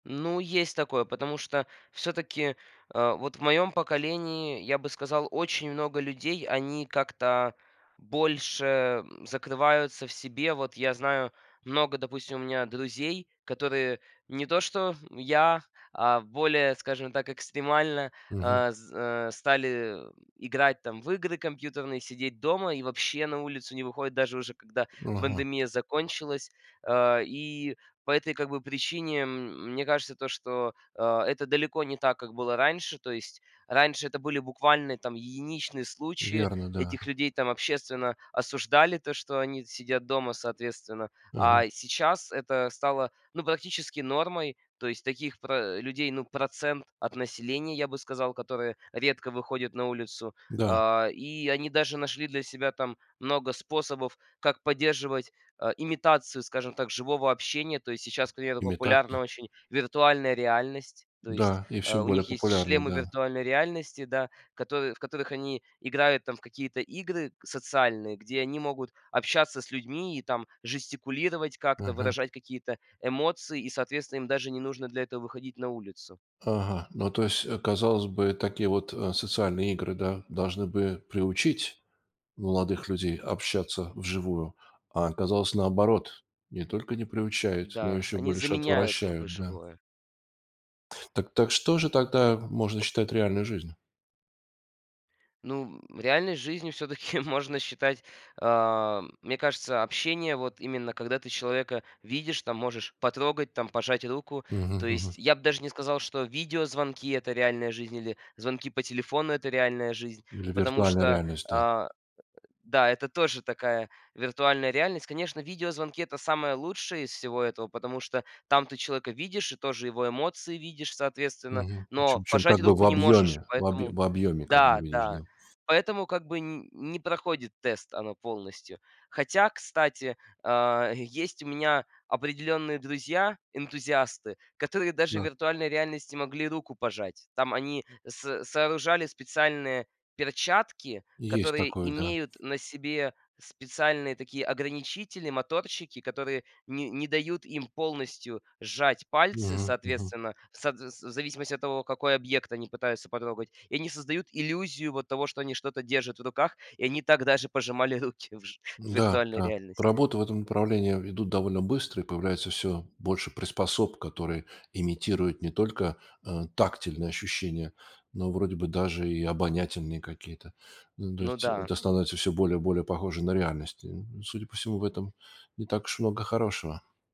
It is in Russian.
Ну, есть такое, потому что всё-таки, а вот в моём поколении, я бы сказал, очень много людей, они как-то больше, м, закрываются в себе. Вот я знаю много, допустим, у меня друзей, которые не то что я, а более, скажем так, экстремально, Мгм. а, з а стали играть там в игры компьютерные, сидеть дома и вообще на улицу не выходят, даже уже когда Ага. пандемия закончилась. А, и по этой как бы причине, м, мне кажется, то, что, а, это далеко не так, как было раньше. То есть раньше это были буквально там единичные случаи. Верно, да. Этих людей там общественно осуждали, то, что они сидят дома соответственно. Мгм. А сейчас это стало, ну, практически нормой. То есть таких про э, людей, ну, процент от населения, я бы сказал, которые редко выходят на улицу. Да. А, и они даже нашли для себя там много способов, как поддерживать, а, имитацию, скажем так, живого общения. То есть сейчас, к примеру, популярна Имитация? очень виртуальная реальность. То есть, Да и а, всё у более них есть популярно, шлемы да. виртуальной реальности, да, в которы в которых они играют там в какие-то игры социальные, где они могут общаться с людьми и там жестикулировать как-то, Мгм. выражать какие-то эмоции, и, соответственно, им даже не нужно для этого выходить на улицу. Ага. Ну, то есть, казалось бы, такие вот, э, социальные игры, да, должны бы приучить молодых людей общаться вживую, а оказалось наоборот: не только не приучает, но Да, еще они больше заменяют как бы отвращают, да. живое. Так так, что же тогда можно считать реальной жизнью? Ну, м, реальной жизнью всё-таки можно считать, а, мне кажется, общение вот именно когда ты человека видишь, там можешь потрогать, там пожать руку. То Мгм, есть мгм. я б даже не сказал, что видеозвонки- это реальная жизнь или звонки по телефону- это реальная жизнь, Или потому виртуальная что, реальность, да. а Да, это тоже такая виртуальная реальность. Конечно, видеозвонки- это самое лучшее из всего этого, потому что там ты человека видишь и тоже его эмоции видишь, соответственно, Мгм, чем но чем, как пожать бы, руку в не можешь. объеме, в об Поэтому в объеме, как бы, Да, видишь, да. да. Поэтому как бы нь не проходит тест она полностью. Хотя, кстати, а е есть у меня определенные друзья, энтузиасты, которые даже в Да. виртуальной реальности могли руку пожать. Там они с сооружали специальные перчатки, Есть которые такое, да. имеют на себе специальные такие ограничители, моторчики, которые не не дают им полностью сжать пальцы, Мгм, мгм. соответственно, в сот вс в зависимости от того, какой объект они пытаются потрогать. И они создают иллюзию вот того, что они что-то держат в руках, и они так даже пожимали руки в ж в М-да, виртуальной да. реальности. Работы в этом направлении ведут довольно быстро, и появляется всё больше приспособ, которые имитируют не только, э, тактильные ощущения, но, вроде бы, даже и обонятельные какие-то. Ну, то Ну есть да. это становится всё более более похоже на реальность. И, м, судя по всему, в этом не так уж много хорошего.